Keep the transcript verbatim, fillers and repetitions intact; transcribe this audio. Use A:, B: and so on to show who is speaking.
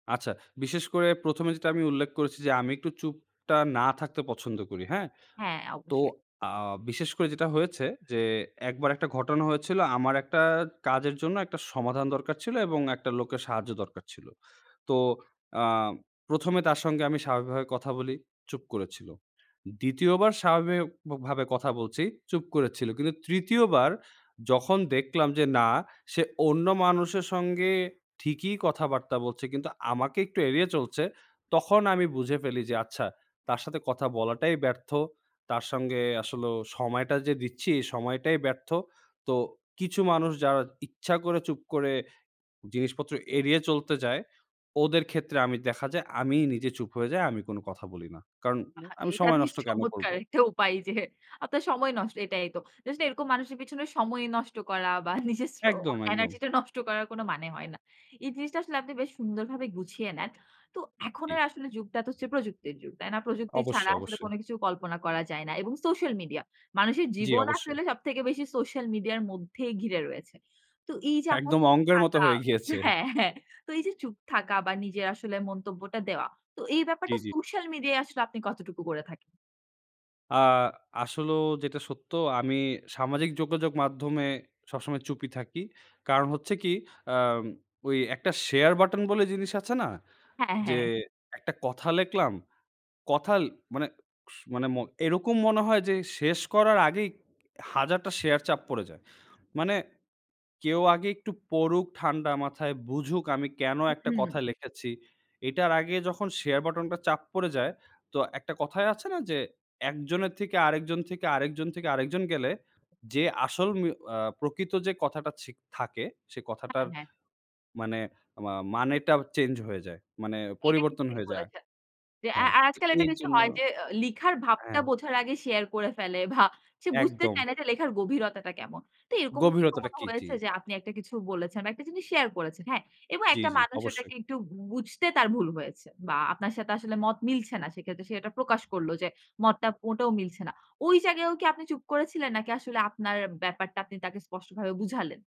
A: আচ্ছা। বিশেষ করে প্রথম এ যেটা আমি উল্লেখ করেছি যে, আমি একটু চুপ টা না থাকতে পছন্দ করি। হ্যাঁ?
B: হ্যা,
A: তো
B: অবশ্যই।
A: আ বিশেষ করে যেটা হয়েছে যে, একবার একটা ঘটনা হয়েছিলো আমার এক টা কাজের জন্য একটা সমাধান দরকার ছিলো এবং একটা লোকের সাহায্য দরকার ছিল। তো আ প্রথম এ তার সঙ্গে আমি স্বাভাবিকভাবে কথা বলি চুপ করেছিল। দ্বিতীয় বার স্বাভাবিক ভ ভাবে কথা বলছি চুপ করেছিল কিন্তু তৃতীয় বার যখন দেখলাম যে না সে অন্য মানুষের সঙ্গে ঠিকই কথাবার্তা বলছে। কিন্তু আমাকে একটু এড়িয়ে চলছে তখন আমি বুঝে ফেলি যে আচ্ছা তার সাথে কথা বলাটাই ব্যর্থ। তার সঙ্গে আসলেও সময়টা যে দিচ্ছি, এই সময়টাই ব্যর্থ। তো কিছু মানুষ যারা ইচ্ছা করে চুপ করে জিনিসপত্র এড়িয়ে চলতে যায় ওদের ক্ষেত্রে আমি দেখা যায়, আমি নিজে চুপ হয়ে যাই আমি কোনো কথা বলি না। কারন
B: আহা,
A: আমি
B: এটা
A: সময়
B: বেশ
A: নষ্ট কেন করব?
B: চমৎকার! একটা উপায় যে আপনার সময় নষ্ট এটাই তো। Just এরকম মানুষের পেছনে সময় নষ্ট করা বা নিজের শ্র
A: একদম, একদম।
B: এনার্জিটা নষ্ট করার কোন মানে হয় না। এই জিনিসটা আসলে আপনি বেশ সুন্দরভাবে গুছিয়ে নেন। তো এখন
A: জি।
B: আর আসলে যুগটা তো হচ্ছে প্রযুক্তির যুগ। তাই না? প্রযুক্তি ছাড়া
A: অবশ্যই
B: আসলে
A: ,অবশ্যই।
B: কোন কিছু কল্পনা করা যায় না। এবং Social Media মানুষের
A: জ্বি,
B: জীবন
A: অবশ্যই।
B: আসলে সবথেকে বেশি Social Media আর মধ্যেই ঘিরে রয়েছে। তো এই যে আপনার
A: একদম
B: চুপ
A: অঙ্কের মতো
B: থাকা
A: হয়ে গিয়েছে।
B: হ্যাঁ, হ্যাঁ, তো এই যে চুপ থাকা বা নিজের আসলে মন্তব্যটা দেওয়া। তো এই
A: জ্বি,
B: ব্যাপারটা
A: জ্বি।
B: Social Media -য় আসলে আপনি কতটুকু করে থাকেন?
A: আ আসলেও যেটা সত্য, আমি সামাজিক যোগাযোগ মাধ্যমে সবসময় চুপ ই থাকি। কারণ হচ্ছে কি আম ওই এক টা শেয়ার বাটন বলে জিনিস আছে না?
B: হ্যাঁ,
A: যে
B: হ্যাঁ।
A: একটা কথা লেখলাম কথা মানে স মানে ম এরকম মনে হয় যে শেষ করার আগেই হাজারটা শেয়ার চাপ পড়ে যায়। মানে কেউ আগে একটু পড়ুক ঠান্ডা মাথায় বুঝুক আমি কেন
B: হুম,
A: এক টা
B: হুম।
A: কথা লেখেছি? এটার আগে যখন শেয়ার বাটন টা চাপ পড়ে যায় তো একটা কথায় আছে না যে, একজনের থেকে আরেকজন থেকে, আরেকজন থেকে আরেকজন গেলে। যে আসল উম এ্যা প্রকৃত যে কথাটা ছিক থাকে সে কথাটার
B: হ্যাঁ, হ্যাঁ।
A: মানে মা মানেটা চেঞ্জ হয়ে যায়। মানে
B: এটা কিন্তু
A: পরিবর্তন
B: ঠিক
A: হয়ে যায়
B: বলেছেন। যে আ
A: হ্যাঁ
B: আ
A: তো
B: আজকাল এটা
A: এর
B: বেশি
A: জন্য
B: হয় যে লিখার ভাবটা
A: হ্যাঁ।
B: বোঝার আগে শেয়ার করে ফেলে ভা সে বুঝতে
A: একদম।
B: চায় না যে লেখার গভীরতাটা কেমন। তো এরকম কি
A: গভীরতাটা
B: কখনো
A: কি, জ্বি?
B: হয়েছে যে আপনি একটা কিছু বলেছেন বা একটা জিনিস শেয়ার করেছেন, হ্যাঁ? এবং
A: জ্বি,
B: একটা
A: জ্বি
B: মানুষ
A: অবশ্যই।
B: ওটাকে একটু বু বুঝতে তার ভুল হয়েছে। বা আপনার সাথে আসলে মত মিলছে না। সেক্ষেত্রে সে এটা প্রকাশ করল যে মতটা মোটেও মিলছে না। ওই জায়গায়ও কি আপনি চুপ করেছিলেন নাকি আসলে আপনার ব্যাপারটা আপনি তাকে স্পষ্টভাবে বুঝালেন?